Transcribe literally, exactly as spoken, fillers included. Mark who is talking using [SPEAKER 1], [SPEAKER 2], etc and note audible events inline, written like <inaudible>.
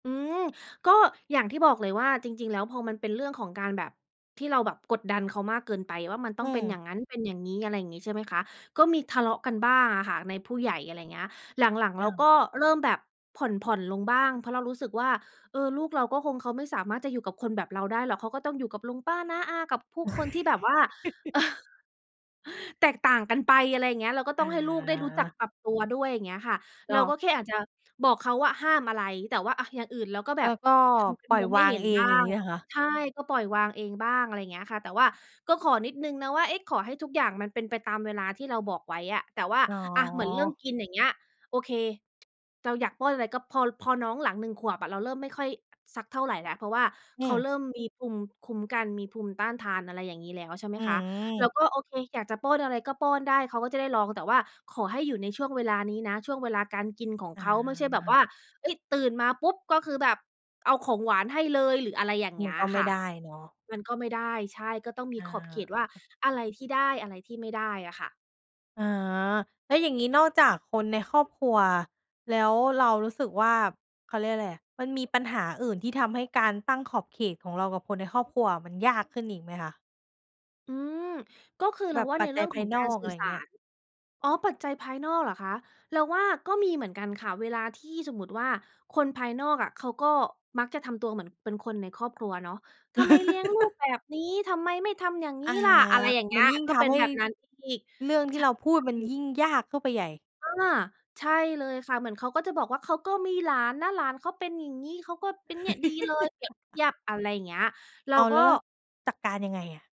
[SPEAKER 1] อืม ก็อย่างที่บอกเลยว่าจริง ๆ แล้ว พอมันเป็นเรื่องของการแบบที่เราแบบกดดันเขามากเกินไป ว่ามันต้
[SPEAKER 2] อื
[SPEAKER 1] องเป็น
[SPEAKER 2] ม
[SPEAKER 1] อย่างงั้น เป็นอย่างงี้ อะไรอย่างงี้ ใช่ไหมคะ ก็มีทะเลาะกันบ้างอะค่ะในผู้ใหญ่ อะไรเงี้ย หลัง ๆ เ
[SPEAKER 2] อ
[SPEAKER 1] รา
[SPEAKER 2] า
[SPEAKER 1] ก็เริ่มแบบผ่อน ๆ ลงบ้าง เพราะเรารู้สึกว่า เออ ลูกเราก็คง เขาไม่สามารถจะอยู่กับคนแบบเราได้หรอก เขาก็ต้องอยู่กับลุงป้าน้าอากับผู้คนที่แบบว่า
[SPEAKER 2] <chuckles>
[SPEAKER 1] <chuckles> แตกต่างกันไป อะไรเงี้ย เราก็ต
[SPEAKER 2] อ
[SPEAKER 1] ้องให้ลูกได้รู้จัก
[SPEAKER 2] า
[SPEAKER 1] ปรับตัวด้วย อย่างเงี้ยค่ะ
[SPEAKER 2] ก
[SPEAKER 1] เรา
[SPEAKER 2] ็
[SPEAKER 1] ก็แค่อาจจะบอกเขาว่าห้ามอะไร แต่ว่า อะ อย่างอื่นเราก็แ
[SPEAKER 2] แล
[SPEAKER 1] บ
[SPEAKER 2] ้
[SPEAKER 1] บ
[SPEAKER 2] วก็
[SPEAKER 1] ทำเป็
[SPEAKER 2] ป
[SPEAKER 1] น
[SPEAKER 2] ล่
[SPEAKER 1] ม
[SPEAKER 2] อย
[SPEAKER 1] องไม
[SPEAKER 2] ว
[SPEAKER 1] ่
[SPEAKER 2] า
[SPEAKER 1] เ
[SPEAKER 2] ง
[SPEAKER 1] ห็น
[SPEAKER 2] เอ
[SPEAKER 1] บ
[SPEAKER 2] ง
[SPEAKER 1] ้า
[SPEAKER 2] อย่าง
[SPEAKER 1] ง
[SPEAKER 2] งี้เหรอคะ?
[SPEAKER 1] ใช่ ก็ปล่อยวางเองบ้าง อะไรเงี้ยค่ะ แต่ว่าก็ขอนิดหนึ่งนะว่า เอ๊ะ ขอให้ทุกอย่างมันเป็นไปตามเวลาที่เราบอกไว้อะ แต่ว่า
[SPEAKER 2] อ๋
[SPEAKER 1] อะ เหมือนเรื่อง
[SPEAKER 2] อ
[SPEAKER 1] กินอย่างเงี้ย โอเค เราอยากป้อนอะไร ก็พอ พอน้องหลัง หนึ่ง ขวบอะ เราเริ่มไม่ค่อยสักเท่าไรแล้ว เพราะว่า
[SPEAKER 2] อื
[SPEAKER 1] เขา
[SPEAKER 2] ม
[SPEAKER 1] เริ่มมีภูมิคุ้มกัน มีภูมิต้านทาน อะไรอย่างงี้แล้ว ใช่ไหม
[SPEAKER 2] อื
[SPEAKER 1] คะ เรา
[SPEAKER 2] ม
[SPEAKER 1] ก็ โอเค อยากจะป้อนอะไรก็ป้อนได้ เขาก็จะได้ลอง แต่ว่าขอให้อยู่ในช่วงเวลานี้นะ ช่วงเวลาการกินของ
[SPEAKER 2] อ
[SPEAKER 1] เขา ไม่ใช่แบบว่า
[SPEAKER 2] า
[SPEAKER 1] เฮ้ย ตื่นมาปุ๊บ ก็คือแบบเอาของหวานให้เลย หรืออะไรอย่างเ
[SPEAKER 2] ม
[SPEAKER 1] งี
[SPEAKER 2] ั
[SPEAKER 1] ้
[SPEAKER 2] น
[SPEAKER 1] ย
[SPEAKER 2] ก็ไม
[SPEAKER 1] ค
[SPEAKER 2] ่
[SPEAKER 1] ่ะ
[SPEAKER 2] ได้เนาะ
[SPEAKER 1] มันก็ไม่ได้ ใช่ ก็ต้องมี
[SPEAKER 2] อ
[SPEAKER 1] ขอบเขตว่า
[SPEAKER 2] า
[SPEAKER 1] อะไรที่ได้ อะไรที่ไม่ได้อะค่ะ
[SPEAKER 2] อ๋อ แล้วอย่างงี้ นอกจากคนในครอบครัวแล้ว เรารู้สึกว่า เขาเรียกไรอะ มันมีปัญหาอื่นที่ทำให้การตั้งขอบเขตของเรากับคนในครอบครัวมันยากขึ้นอีกไหมคะ?
[SPEAKER 1] อืม ก็คือเ
[SPEAKER 2] แ
[SPEAKER 1] ร
[SPEAKER 2] บ
[SPEAKER 1] า
[SPEAKER 2] บ
[SPEAKER 1] ว่า
[SPEAKER 2] ป
[SPEAKER 1] ใ
[SPEAKER 2] ั
[SPEAKER 1] น
[SPEAKER 2] จ
[SPEAKER 1] เร
[SPEAKER 2] จ
[SPEAKER 1] ื่
[SPEAKER 2] ั
[SPEAKER 1] อ
[SPEAKER 2] ย
[SPEAKER 1] ง
[SPEAKER 2] ภ
[SPEAKER 1] ข
[SPEAKER 2] า
[SPEAKER 1] อ
[SPEAKER 2] ย
[SPEAKER 1] ง
[SPEAKER 2] น
[SPEAKER 1] ก
[SPEAKER 2] อ
[SPEAKER 1] าร
[SPEAKER 2] ก
[SPEAKER 1] ส
[SPEAKER 2] อ
[SPEAKER 1] ื่
[SPEAKER 2] ะ
[SPEAKER 1] อ
[SPEAKER 2] ไร
[SPEAKER 1] สา
[SPEAKER 2] เงี้ย
[SPEAKER 1] ร อ๋อ ปัจจัยภายนอกเหรอคะ เราว่าก็มีเหมือนกันค่ะ เวลาที่สมมติว่า คนภายนอกอะเขาก็มักจะทำตัวเหมือนเป็นคนในครอบครัวเนาะ ทำไมเลี้ยงลูก
[SPEAKER 2] <chuckles>
[SPEAKER 1] แบบนี้ ทำไมไม่ทำอย่างง
[SPEAKER 2] อ
[SPEAKER 1] ี้
[SPEAKER 2] า
[SPEAKER 1] ล่ะ อะไรอย่างเงี
[SPEAKER 2] ม
[SPEAKER 1] ้
[SPEAKER 2] ัน
[SPEAKER 1] ย
[SPEAKER 2] ยิ่ง
[SPEAKER 1] ก็
[SPEAKER 2] ท
[SPEAKER 1] เป็
[SPEAKER 2] ำ
[SPEAKER 1] น
[SPEAKER 2] ให
[SPEAKER 1] แ
[SPEAKER 2] ้
[SPEAKER 1] บบนั้นอีก
[SPEAKER 2] เรื่องท
[SPEAKER 1] ใช
[SPEAKER 2] ี่
[SPEAKER 1] ่
[SPEAKER 2] เราพูดมันยิ่งยากเข้าไปใหญ่
[SPEAKER 1] อา ใช่เลยค่ะ เหมือนเขาก็จะบอกว่า เขาก็มีหลานนะ หลานเขาเป็นอย่างงี้ เขาก็เป็นเนี่ย ดีเลย เปรียบเท
[SPEAKER 2] <chuckles>
[SPEAKER 1] ียบ อะไรเงี้ย เรา
[SPEAKER 2] อ้าว
[SPEAKER 1] ก
[SPEAKER 2] แล
[SPEAKER 1] ็
[SPEAKER 2] ้วเราจัดการยังไงอะ?